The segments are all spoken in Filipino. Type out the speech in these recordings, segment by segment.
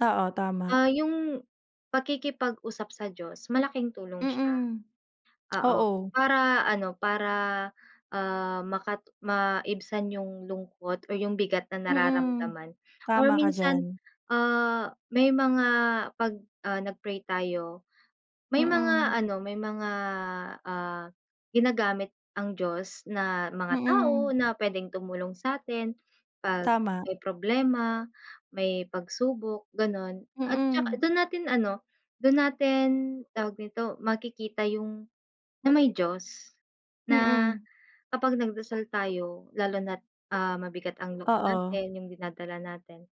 Oo, tama. Ah, yung pakikipag-usap sa Diyos malaking tulong siya. Mm. Oo, Oo. para ano, para, ah, makat maibsan yung lungkot or yung bigat na Mm. nararamdaman, or Tama ka minsan, diyan ah, may mga ‘pag, ah, nag-pray tayo, may Mm. mga ano, may mga, ah, ginagamit ang Diyos na mga tao Mm. na pwedeng tumulong sa’tin, ‘pag Tama. may problema, may pag-subok gano’n. At tsaka Mm. dun natin ano, dun natin, tawag nito, makikita yung na may Diyos. Na, Mm. kapag nag-dasal tayo lalo na't, ah, mabigat ang loob Oo. natin, yung dinadala natin,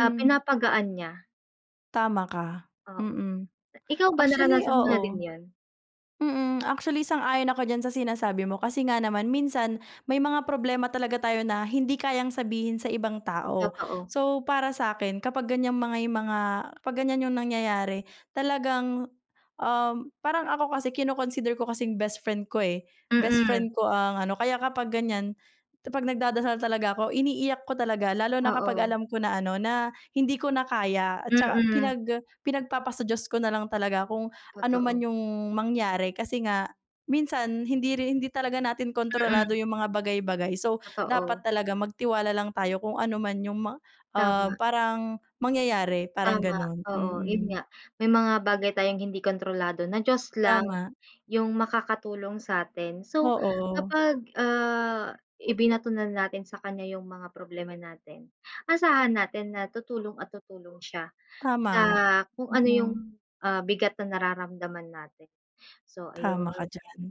ah, pinapagaan niya. Tama ka, Oo. mm. Ikaw ba Actually, naranasan mo na din oo. yun? Mm, actually sang-ayon ako diyan sa sinasabi mo kasi nga naman minsan, may mga problema talaga tayo na hindi kayang sabihin sa ibang tao. Totoo. So para sa’kin kapag ganiyang may mga kapag ganiyan yung nangyayari, talagang, um, parang ako kasi kino-consider ko kasing bestfriend ko, eh, Mm. bestfriend ko ang ano, kaya kapag ganiyan, ‘pag nag-dadasal talaga ako, iniiyak ko talaga lalo na kapag Oo. alam ko na ano, na hindi ko na kaya at tsaka Mm. pinag pinag-papasa Diyos ko nalang talaga kung ano man Totoo. yung mangyari kasi nga, minsan hindi rin hindi talaga natin kontrolado Mm. yung mga bagay-bagay. So dapat Totoo. talaga magtiwala lang tayo kung ano man yung mang um, Tama. parang mangyayari, parang Tama, gano’n. oo yun Mm. nga. May mga bagay tayong hindi kontrolado, na Diyos lang Tama. yung makakatulong sa’tin. So, Oo. kapag, ah, ibinato na natin sa kaniya yung mga problema natin, asahan natin na tutulong at tutulong siya, sa Tama, kung ano yung, mm. ah, bigat na nararamdaman natin. So Tama ka ayun. diyan.